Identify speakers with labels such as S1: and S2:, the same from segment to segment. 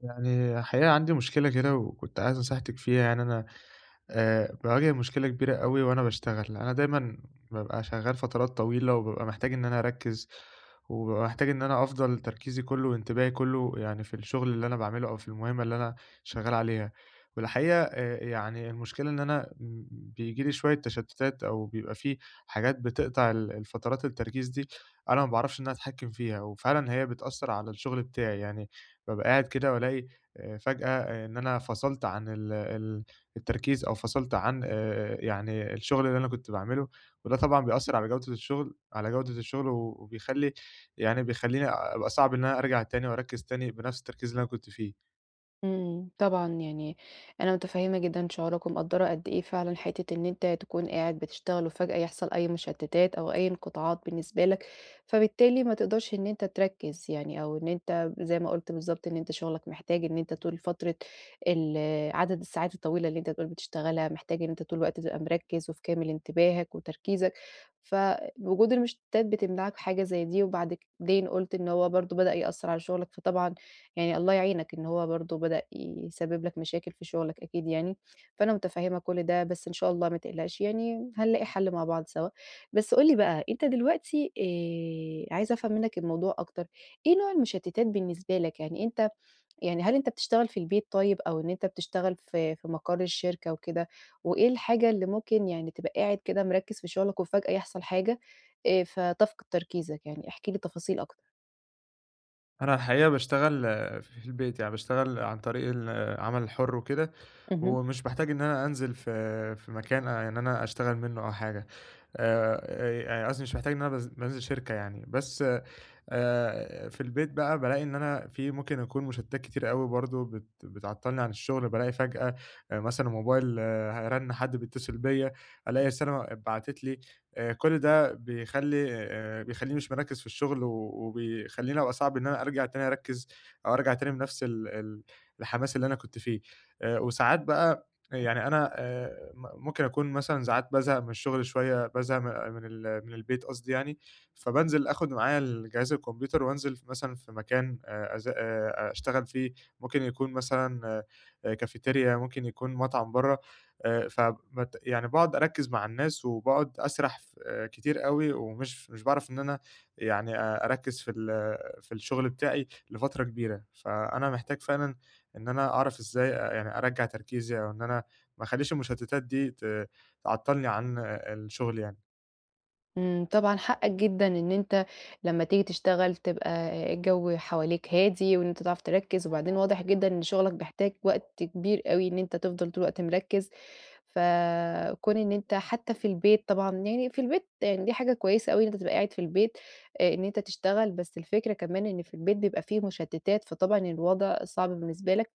S1: يعني الحقيقة، عندي مشكلة كده وكنت عايز نصيحتِك فيها. يعني أنا آآ، باواجه مشكلة كبيرة أوي وأنا باشتغل. أنا دايمًا بابقى شغَّال فترات طويلة، وبابقى محتاج إن أنا أركِّز، وبابقى محتاج إن أنا أفضل تركيزي كله وانتباهي كله، يعني في الشغل اللي أنا باعمله، أو في المهمة اللي أنا شغَّال عليها. والحقيقة، آآ، ي يعني، المشكلة إن أنا بييجي لي شوية تَشتُّتات، أو بيبقى في حاجات بتقطع الفترات التركيز دي، أنا ما باعرفش إن أنا أتحكَّم فيها، وفعلًا هي بتأثِّر على الشغل بتاعي. يعني، بابقى قاعد كده، وألاقي فجأة إن أنا فصلت عن ال ال التركيز، أو فصلت عن آآ، آآ، يعني، الشغل اللي أنا كنت باعمله. وده طبعًا بيأثِّر على جودة الشغل على جودة الشغل وبيخلِّي يعني، بيخلِّيني أبقى صعب إن أنا أرجع تاني وأركِّز تاني، بنفس التركيز اللي أنا كنت فيه.
S2: إمم، طبعًا، يعني أنا متفهِّمة جدًا شعورك ومقدِّرة قد إيه فعلًا، حتة إن أنت تكون قاعد بتشتغل، وفجأة يحصل أي مُشتِّتات أو أي انقطاعات بالنسبة لك، فبالتالي ما تقدرش إن أنت تركِّز يعني، أو إن أنت زي ما قُلت بالضبط، إن أنت شغلك محتاج إن أنت طول فترة ال عدد الساعات الطويلة اللي أنت بتقول بتشتغلها، محتاج إن أنت طول الوقت تبقى مركِّز وفي كامل انتباهك وتركيزك. فوجود المُشتِّتات بتمنعك حاجة زي دي. وبعد كد بعدين قُلت إن هو برضه بدأ يأثِّر على شغلك فطبعًا يعني، الله يعينك، إن هو برضه بدأ يسبَّب لك مشاكل في شغلك، أكيد يعني. فأنا متفهِّمة كل ده، بس، إن شاء الله، ما تقلقش يعني، هنلاقي حلّ مع بعض سوا. بس، قُل لي بقى، أنت دلوقتي آآ، عايزة أفهم منك الموضوع أكتر، إيه نوع المُشتِّتات بالنسبة لك؟ يعني أنت يعني، هل أنت بتشتغل في البيت طيب، أو إن أنت بتشتغل في في مقر الشركة وكده؟ وإيه الحاجة اللي ممكن يعني، تبقى قاعد كده مركِّز في شغلك وفجأة يحصل حاجة، آآ، فتفقد تركيزك؟ يعني، احكِ لي تفاصيل أكتر.
S1: أنا الحقيقة باشتغل ف في البيت يعني، باشتغل عن طريق العمل الحُر وكده
S2: اهم.
S1: ومش باحتاج إن أنا أنزِل في في مكان آآ إن أنا أشتغل منُّه أو حاجة آآ آآ، قصدي مش محتاج إن أنا باز بانزِل شركة يعني بس، آآ، في البيت بقى بالاقي إن أنا في ممكن أكون مشتتات كتيرة أوي برضه بت بتعطّلني عن الشغل بالاقي فجأة مثلًا موبايل ه رَن حد بيتصل بيَّ، ألاقي رسالة اتبعتت لي، آآ، كل ده بيخلّي آآ بيخلّيني مش مركّز في الشغل و وبيخلّيني أبقى صعب إن أنا أرجَع تاني أركّز، أو أرجَع تاني بنَفْس ال ال الحماس اللي أنا كنت فيه. آآ وساعات بقى يعني أنا آآ م ممكن أكون مثلًا ساعات بازهق من الشغل شوية بازهق من ال من البيت قصدي يعني؛ فبانزِل أخُد معايا الجهاز الكمبيوتر وأنزِل في مثلًا في مكان آآ أزا آآ أشتغل فيه، ممكن يكون مثلًا آآ كافيتيريا، ممكن يكون مطعم برّا آآ ف بت يعني باقعد أركّز مع الناس وباقعد أسرح ف كتير أوي ومش مش باعرف إن أنا يعني آآ أركّز في ال في الشغل بتاعي لفترة كبيرة. فأنا محتاج فعلًا إن أنا أعرف إزاي آآ يعني أرجّع تركيزي أو إن أنا ما أخلّيش المشتتات دي ت تعطلني عن أ أ الشغل يعني.
S2: إمم، طبعًا حقك جدًا إن أنت لمّا تيجي تشتغل تبقى آآ الجَو حواليك هادي وإن أنت تعرف تركِّز وبعدين واضح جدًا إن شُغلك بيحتاج وقت كبير أوي إن أنت تفضل طول الوقت مركِّز. فكٌون إن أنت حتّى في البيت طبعًا يعني في البيت يعني دي حاجة كويسة أوي إن أنت تبقى قاعد في البيت آآ إن أنت تشتغل، بس الفكرة كمان إن في البيت بيبقى في مُشتِّتات، فطبعًا الوضع صعب بالنسبة لك،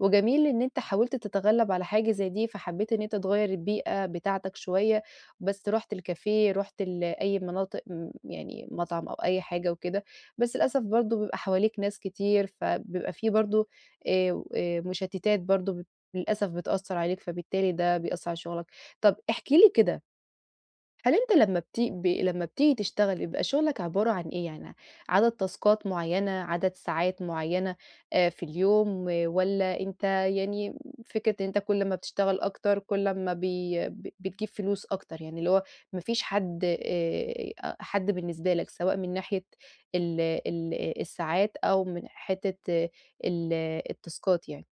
S2: وجميل إن أنت حاولت تتغلَّب على حاجة زي دي، فحبّيت إن أنت تغيّر البيئة بتاعتك شوية، بس رُحت الكافيه، رُحت ال أي مناطق م يعني مطعم أو أي حاجة وكده، بس للأسف برضه بيبقى حواليك ناس كتير، فبيبقى في برضه آآ و آآ مُشتِّتات برضه ب للأسف بتأثّر عليك فبالتالي ده بيأثّر على شُغلك. طَب احكِ لي كده هل أنت لمّا بتي ب لمّا بتيجي تشتغل بيبقى شُغلك عبارة عن إيه؟ يعني عدد تاسكات معيّنة، عدد ساعات معيّنة آآ في اليوم، والّا أنت يعني م فكرة إن أنت كل ما بتشتغل أكتر كل أمّا بي ب بتجيب فلوس أكتر، يعني اللي هو ما فيش حد آآ حد بالنسبة لك سواء من ناحية ال ال آآ الساعات أو من حتّة ال التاسكات يعني؟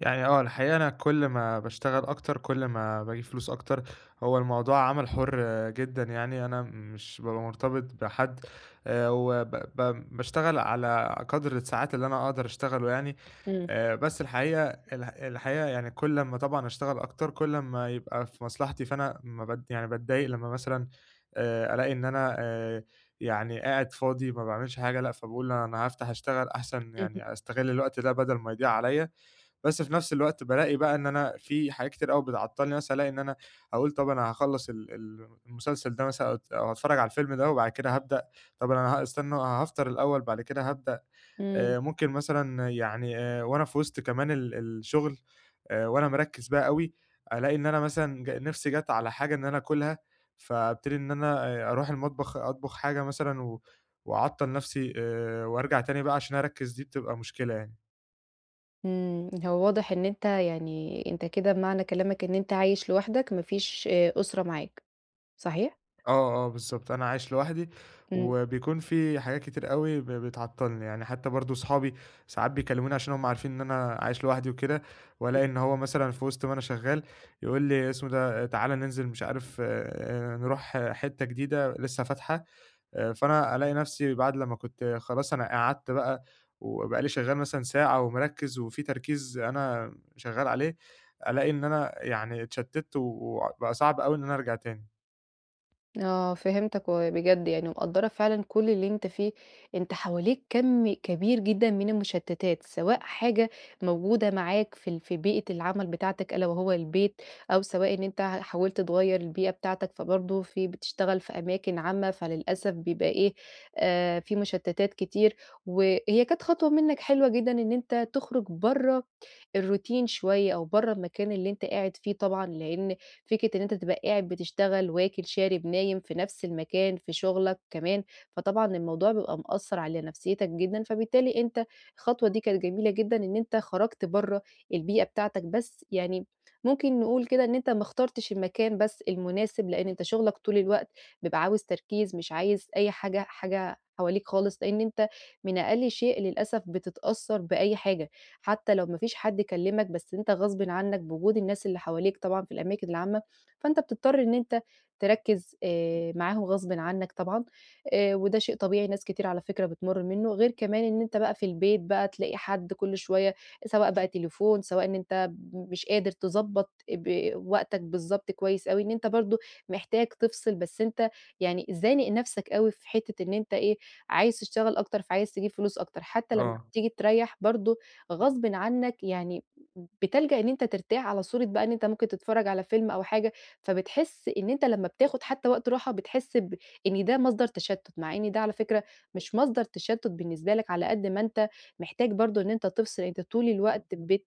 S1: يعني آه، الحقيقة، أنا كل ما باشتغل أكتر، كل ما باجيب فلوس أكتر. هو الموضوع عمل حُر جدًا يعني، أنا مش بابقى مرتبط بحد، آآ، وب ب باشتغل على قدر الساعات اللي أنا أقدر أشتغله يعني.
S2: إمم.
S1: آآ، بس الحقيقة ال الحقيقة يعني، كل أمّا طبعًا أشتغل أكتر، كل أما يبقى في مصلحتي، فأنا ما بض يعني، بتضايق لمّا مثلًا آآ، ألاقي إن أنا آآ، يعني قاعد فاضي، ما باعملش حاجة. لأ، فباقول: "أنا هافتح، اشتغل، أحسن
S2: اهم.
S1: يعني، أستغل الوقت ده، بدل ما يضيع عليَّا." بس في نفس الوقت، بالاقي بقى إن أنا في حاجات كتير أوي بتعطِّلني. مثلًا، ألاقي إن أنا أقول: "طب، أنا هاخلِّص ال ال المسلسل ده مثلًا، أو هاتفرَّج على الفيلم ده، وبعد كده هابدأ. طب أنا هاستنى، أنا هافطر الأوِّل وبعد كده هابدأ."
S2: إمم.
S1: آآ، ممكن مثلًا يعني آآ، وأنا في وسط كمان ال الشغل، آآ، وأنا مركِّز بقى أوي، ألاقي إن أنا مثلًا ج نفسي جات على حاجة إن أنا آكُلها، فابتدي إن أنا آآ، أروح المطبخ، أطبخ حاجة مثلًا، و وأعطِّل نفسي آآ، وأرجع تاني بقى عشان أركِّز. دي بتبقى مشكلة يعني.
S2: إمم، هو واضح إن أنت يعني// أنت كده بمعنى كلامك إن أنت عايش لوحدك، ما فيش آآ، أسرة معاك، صحيح؟
S1: آه، آه، بالضبط، أنا عايش لوحدي،
S2: إمم.
S1: وبيكون في حاجات كتير أوي ب بتعطِّلني. يعني حتى برضه، أصحابي ساعات بيكلِّموني، عشان هُم عارفين إن أنا عايش لوحدي وكده،
S2: [unintelligible]
S1: وألاقي إن هو مثلًا، في وسط ما أنا شغَّال، يقول لي اسمه إيه ده: "تعالَ، ننزل، مش عارف آآ، نروح ح حتة جديدة، لسه فاتحة." آآ، فأنا ألاقي نفسي، بعد لمّا كنت خلاص أنا قعدت بقى وبقى لي شغَّال مثلًا ساعة ومركِّز، وفي تركيز أنا شغَّال عليه، ألاقي إن أنا يعني اتشتَّت، وبقى صعب أوي إن أنا أرجع تاني.
S2: آه، فهمتك، وبجد، يعني، مقدِّرة فعلًا كل اللي أنت فيه. أنت حواليك كَم كبير جدًا من المُشتِّتات، سواء حاجة موجودة معاك في ال في بيئة العمل بتاعتك، ألا وهو البيت، أو سواء إن أنت حاولت تغيِّر البيئة بتاعتك، فبرضه في بتشتغل في أماكن عامة، فللأسف بيبقى إيه، آآ، في مُشتِّتات كتير. وهي كانت خطوة منك حلوة جدًا إن أنت تخرِّج برَّه الروتين شوية، أو برَّه المكان اللي أنت قاعد فيه طبعًا، لأن فكرة إن أنت تبقى قاعد بتشتغل، واكل، شارب، نايم في نفس المكان، في شغَلك كمان، فطبعًا الموضوع بيبقى مأثِّر على نفسيَّتك جدًا. فبالتالي، أنت الخطوة دي كانت جميلة جدًا إن أنت خَرَجت برَّه البيئة بتاعتك، بس يعني، ممكن نقول كده، إن أنت ما اخترتش المكان بس المناسب، لأن أنت شغَّالك طول الوقت بيبقى عاوز تركيز، مش عايز أي حاجة حاجة حواليك خالص. لأن أنت من أقل شيء، للأسف، بتتأثَّر بأي حاجة، حتى لو ما فيش حد كلَّمك، بس أنت غصبًا عنك، بوجود الناس اللي حواليك طبعًا في الأماكن العامة، فأنت بتضطر إن أنت تركِّز، آآ، معاهُم غصبًا عنك طبعًا. آآ، وده شيء طبيعي، ناس كتير على فكرة بتمُر منَّه. غير كمان إن أنت بقى في البيت، بقى، تلاقي حد كل شوية، سواء بقى تليفون، سواء إن أنت مش قادر تضبط، آآ، ب وقتك بالضبط كويِّس أوي إن أنت برضه محتاج تفصل، بس أنت يعني، زانق نفسك أوي، في حتة إن أنت إيه، عايز تشتغل أكتر، فعايز تجيب فلوس أكتر. حتى لمّا
S1: آه.
S2: بتيجي تريح برضه، غصبًا عنك يعني، بتلجأ إن أنت ترتاح على صورة بقى، إن أنت ممكن تتفرَّج على فيلم أو حاجة، فبتحِس إن أنت لمّا بتاخد حتى وقت راحة، بتحِس ب إن ده مصدر تشتُّت. مع إن ده على فكرة، مش مصدر تشتُّت بالنسبة لك، على قدر ما أنت محتاج برضه إن أنت تفصل. أنت طول الوقت بت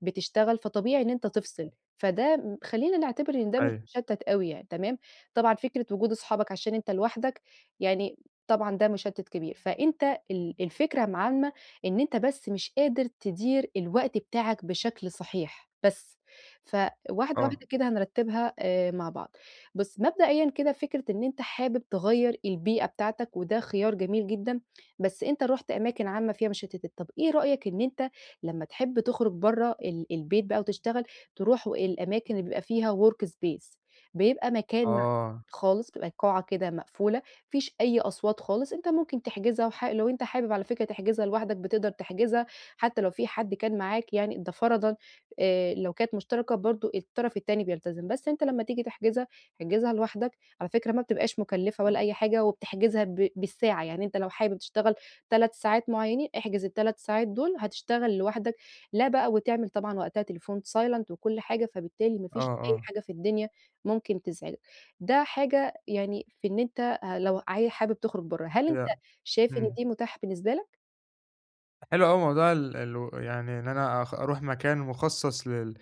S2: بتشتغل، فطبيعي إن أنت تفصل. فده خلِّينا نعتبر إن ده مش
S1: أيوه.
S2: مُشتِّت أوي يعني، تمام. طبعًا، فكرة وجود أصحابك، عشان أنت لوحدك يعني، طبعًا، ده مُشتِّت كبير. فأنت ال الفكرة العامة إن أنت بس مش قادر تِدير الوقت بتاعك بشكل صحيح، بس. فواحدة
S1: آه.
S2: واحدة كده هنرتِّبها، آآ، مع بعض. بُص، مبدئيًا كده، فكرة إن أنت حابب تغيِّر البيئة بتاعتك، وده خيار جميل جدًا، بس أنت رُحت أماكن عامة فيها مُشتِّتات. طب، إيه رأيك إن أنت لمّا تحب تخرِّج برَّه ال البيت بقى وتشتغل، تروح الأماكن اللي بيبقى فيها workspace، بيبقى مكان مع
S1: آه.
S2: خالص، بيبقى قاعة كده مقفولة، ما فيش أي أصوات خالص. أنت ممكن تحجزها، وح لو أنت حابب، على فكرة، تحجزها لوحدك، بتقدر تحجزها، حتى لو في حد كان معاك، يعني ده فرضًا، آآ، لو كانت مشتركة برضه، الطرف التاني بيلتزم. بس أنت لمّا تيجي تحجزها، احجزها لوحدك، على فكرة، ما بتبقاش مُكلِّفة ولا أي حاجة، وبتحجزها ب بالساعة. يعني، أنت لو حابب تشتغل 3 ساعات معيَّنين، احجز ال3 ساعات دول، هتشتغل لوحدك، لا بقى وتعمل طبعًا وقتها التليفون silent وكل حاجة، فبالتالي ما
S1: آه،
S2: فيش أي
S1: آه.
S2: حاجة في الدنيا ممكن تزعجك. ده حاجة يعني، في إن أنت ه لو ه حابب تُخرِّج برَّه. هل
S1: [unintelligible]
S2: أنت شايف إن
S1: همم.
S2: دي متاحة بالنسبة لك؟
S1: حلو أوي موضوع ال الو يعني إن أنا أخ أرُوح مكان مخصّص لل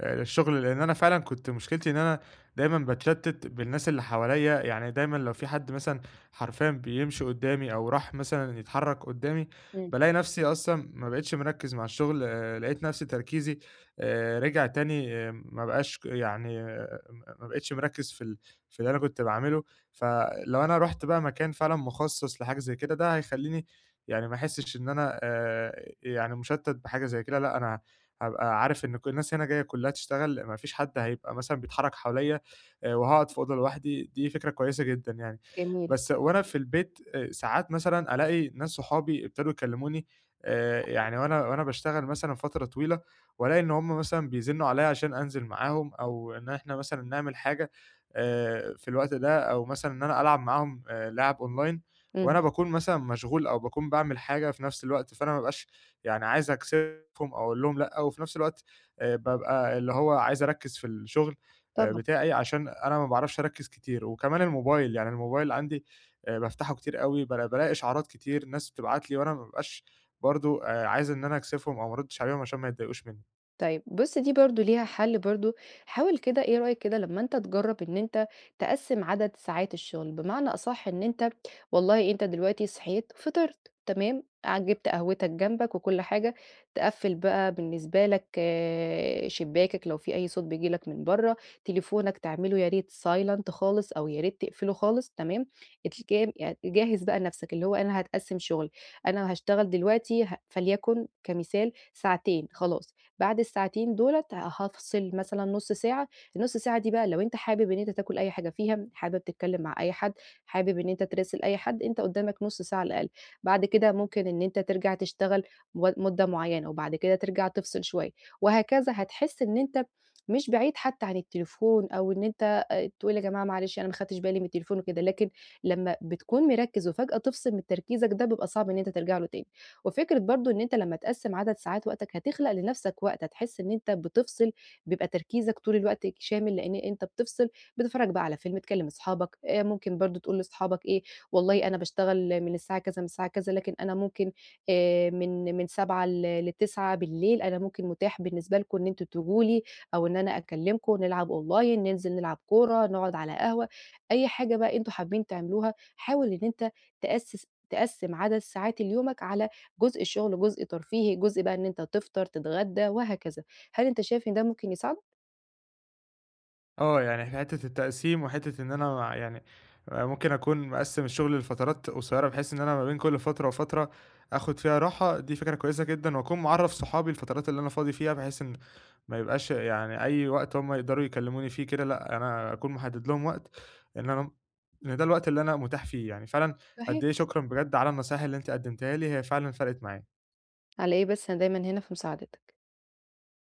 S1: آآ، للشُغل، لإن أنا فعلًا كنت مشكلتي إن أنا دايمًا باتشتِّت بالناس اللي حواليّا، يعني دايمًا لو في حَدّ مثلًا حرفيًا بيمشي قُدّامي أو راح مثلًا يتحرّك قُدّامي
S2: إمم.
S1: بالاقي نَفْسي أصلًا ما بقيتش مركّز مع الشُغل آآ، لقيت نَفْسي تركيزي آآ، رجع تاني ما بقاش ك يعني آآ، آآ، م ما بقيتش مركّز في ال في اللي أنا كنت باعملُه فلو أنا رُحت بقى مكان فعلًا مخصَّص لحاجة زَيّ كده، ده هيخلّيني يعني ما أحسّش إن أنا آآ، يعني مشتَّت بحاجة زَيّ كده لأ، أنا هابقى عارف إن كُ الناس هنا جايّة كلّها تشتغل ما فيش حَدّ هيبقى مثلًا بيتحرّك حواليّا آآ، وهاقعد في أوضة لوحدي، دي فكرة كويسة جدًا يعني،
S2: جميل.
S1: بس وأنا في البيت آآ، ساعات مثلًا ألاقي ناس صحابي ابتدوا يكلّموني آآ،
S2: [unintelligible]
S1: يعني وأنا، وأنا باشتغل مثلًا فترة طويلة، وألاقي إن همُ مثلًا بيزنّوا عليَّ عشان أنزل معاهم أو إن إحنا مثلًا نعمل حاجة آآ، في الوقت ده أو مثلًا إن أنا ألعب معاهم آآ، لِعَب online
S2: امم.
S1: وأنا باكون مثلًا مشغول أو باكون باعمل حاجة في نَفْس الوقت، فأنا ما بابقاش يعني عايز أكسِفهم أو أقول لهم لأ، و في نَفْس الوقت آآ، بابقى اللي هو عايز أركّز في الشُغل آآ،
S2: طبعًا.
S1: بتاعي عشان أنا ما باعرفش أركّز كتير، وكمان الموبايل يعني الموبايل عندي آآ، بافتحه كتير أوي بالا بالاقي إشعارات كتير ناس بتبعت لي، وأنا ما بابقاش برضه آآ، عايز إن أنا أكسِفهم أو ما أرُدِّش عليهم عشان ما يتضايقوش منّي.
S2: طيب بُصّ، دي برضه ليها حل برضه حاول كده إيه رأيك كده لمّا أنت تجرّب إن أنت تقسِّم عدد ساعات الشغل، بمعنى أصح إن أنت والله أنت دلوقتي صحيت فطرت تمام، ع جِبت قهوتك جنبك وكُلّ حاجة تِقَفِّل بقى بالنسبه لك آآ، شباكَّك لو في أي صوت بييجي لك من برّا تليفونك تعملُه ياريت silent خالص أو ياريت تقفلُه خالص، تمام. [unintelligible] يعني جَهِّز بقى نفسك اللي هو أنا هاتقسم شوية، أنا هاشتغل دلوقتي ه فليكن كمثال ساعتين خلاص، بعد الساعتين دُولَة هافصل مثلًا نُصّ ساعة، النُصّ ساعة دي بقى لو أنت حابب إن أنت تاكل أي حاجة فيها، حابب تتكلم مع أي حد، حابب إن أنت تِراسل أي حد، أنت قُدّامك نُصّ ساعة على الأقل، بعد كده ممكن إن أنت ترجع تشتغل م مدة مُعيّنة، وبعد كده ترجع تفصل شوية وهكذا. هتحس إن أنت مش بعيد حتى عن التليفون أو إن أنت تقول يا جماعة معلش أنا ما اخدتش بالي من التليفون وكده، لكن لمّا بتكون مِركِّز وفجأة تفصل من تركيزك ده بيبقى صعب إن أنت ترجع له تاني، وفكرة برضه إن أنت لمّا تقسِّم عدد ساعات وقتك، هتخلق لنفسك وقت هتحس إن أنت بتفصل بيبقى تركيزك طول الوقت شامل لأن أنت بتفْصِل بتتفرّج بقى على فيلم تكلّم اصحابك آآ، ممكن برضه تقول لصحابك إيه، والله أنا باشتغل من الساعة كذا من الساعة كذا، لكن أنا ممكن آآ، من من 19:00 ل ل21:00 أنا ممكن متاح بالنسبة لكم إن أنتوا تيجوا لي أو إن أنا أكلمكم نلعب Online ننزل نلعب كورة، نقعد على قهوة، أي حاجة بقى أنتوا حابين تعملوها، حاول إن أنت تأسِّس تقسِّم عدد ساعات اليومك على جزء شغل، وجزء ترفيهي، جزء بقى إن أنت تفطر تتغدى وهكذا، هل أنت شايف إن ده ممكن يساعدك؟
S1: آه، يعني في حتةّ التقسيم وحتةّ إن أنا يعني ممكن أكون مقسِّم الشغل لفترات قصيرّة بحيث إن أنا ما بين كُلّ فترة وفترة آخد فيها راحة، دي فكرة كويسة جدًا وأَكُون معرّف صحابي الفترات اللي أنا فاضي فيها بحيث إن ما يبقاش يعني أي وقت هُم يقدروا يكلموني فيه كده لأ، أنا أكون محدِّد لهم وقت إن أنا إن ده الوقت اللي أنا متاح فيه، يعني فعلًا قد
S2: صحيح.
S1: إيه شكرًا بجد على النصايح اللي أنتِ قدمتيها لي هي فعلًا فرقِت معايا.
S2: على إيه بس، أنا دايمًا هنا في مساعدتك.